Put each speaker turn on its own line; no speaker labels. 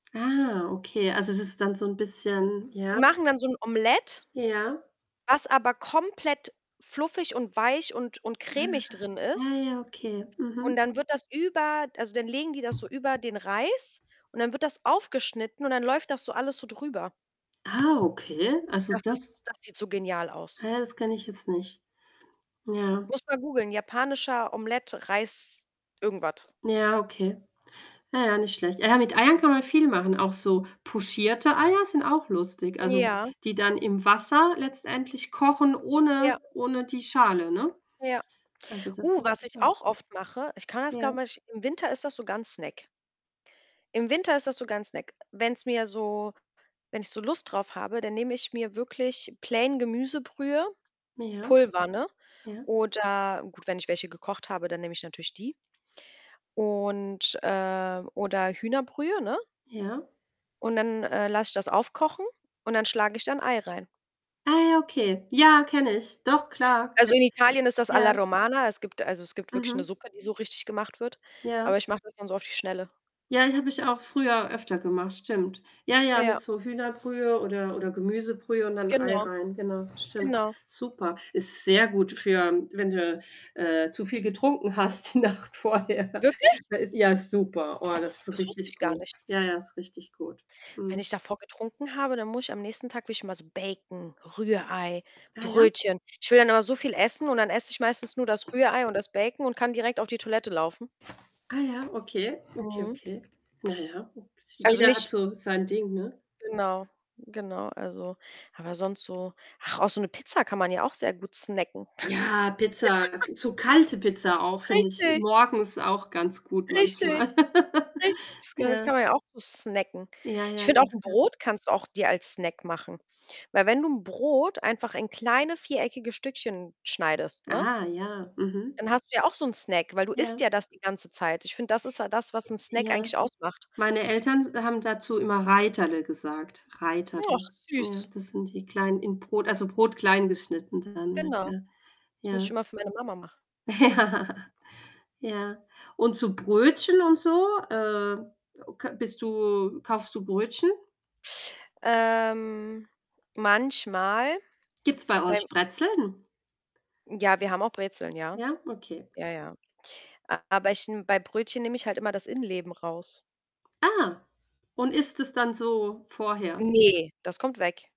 Ah, okay. Also, das ist dann so 'n bisschen
Die
ja?
machen dann so 'n Omelette,
Ja?
was aber komplett fluffig und weich und und
Ah.
cremig drin
Ah
ist.
ja, okay.
Und
Mhm.
dann wird das über also, dann legen die das so über den Reis und dann wird das aufgeschnitten und dann läuft das so alles so drüber.
Ah, okay. Also,
Das ist
das
das sieht so genial aus.
Ah ja, das kenne ich jetzt nicht. Ja.
Musst du mal googeln: „Japanischer Omelette, Reis“ irgendwas.
Ja, okay. Ja, ja, nicht schlecht. Ja, mit Eiern kann man viel machen, auch so pochierte Eier sind auch lustig. Also,
Ja.
die dann im Wasser, letztendlich, kochen ohne
Ja.
ohne die Schale, ne?
Ja.
Also, das ist
Uh, was
natürlich
ich
auch
auch oft mache, ich kann das,
Ja.
glaube ich im Winter ist das sogar 'n Snack. Im Winter ist das sogar 'n Snack. Wenn's mir so wenn ich so Lust drauf habe, dann nehme ich mir wirklich plain Gemüsebrühe,
Ja.
Pulver, ne?
Ja.
Oder gut, wenn ich welche gekocht habe, dann nehme ich natürlich die. Und, äh oder Hühnerbrühe, ne?
Ja?
Und dann, äh, lasse ich das aufkochen und dann schlage ich da 'n Ei rein.
Ah ja, okay. Ja, kenne ich. Doch, klar.
Also, in
[unintelligible]
Italien ist das
Ja.
„alla Romana“. Es gibt also es gibt wirklich 'ne
Mhm.
Suppe, die so richtig gemacht wird.
Ja.
Aber ich mache das dann so auf die Schnelle.
Ja, die habe ich auch früher öfter gemacht, stimmt. Ja, ja, mit
Ja.
so Hühnerbrühe, oder oder Gemüsebrühe und dann Ei
Genau.
rein, genau. Stimmt.
Genau.
Super. Ist sehr gut für wenn du, äh, äh, zu viel getrunken hast die Nacht vorher.
Wirklich?
Da ist ja, super. Oh, das ist
Das wusste
richtig
ich gar
gut.
nicht.
Ja, ja, ist richtig gut.
Wenn
Mhm.
ich davor getrunken habe, dann muss ich am nächsten Tag will ich immer so Bacon, Rührei,
Ja, ja.
Brötchen. Ich will dann immer so viel essen und dann esse ich meistens nur das Rührei und das Bacon, und kann direkt auf die Toilette laufen.
Ah ja, okay, okay,
Mhm.
okay. Na ja, oks
Also,
jeder hat
nicht nicht
so sein Ding, ne?
Genau. Genau. Also, aber sonst so ach, auch so 'ne Pizza, kann man ja auch sehr gut snacken.
Ja, Pizza! K so kalte Pizza auch finde ich
Richtig.
morgens auch ganz gut,
Richtig.
manchmal.
Richtig. Das kann das
Ja.
kann man ja auch gut snacken.
Ja,
Ich
ja,
finde, auch
ganz
'n
klar.
Brot kannst du auch dir als Snack machen. Weil, wenn du 'n Brot einfach in kleine, viereckige Stückchen schneidest, ne
Ah, ja, mhm.
dann hast du ja auch so 'n Snack, weil du isst
Ja.
ja das die ganze Zeit. Ich finde, das ist halt das, was 'n Snack
Ja.
eigentlich ausmacht.
Meine Eltern s haben dazu immer „Reiterle“ gesagt,
Och,
„Reiterle“, ja.
süß.
Das sind die klein in Brot also, Brot klein geschnitten dann, ja,
Genau.
klar.
Das muss ich
Ja.
immer für meine Mama machen.
Ja. Ja. Und zu Brötchen, und so? Äh, oke bist du kaufst du Brötchen?
Ähm. Manchmal,
Gibt's bei euch
beim
Brezeln?
Ja, wir haben auch Brezeln, ja.
Ja? Okay.
Ja, ja. Aber ich n bei Brötchen nehme ich halt immer das Innenleben raus.
Ah, und isst es dann so, vorher?
Ne, das kommt weg.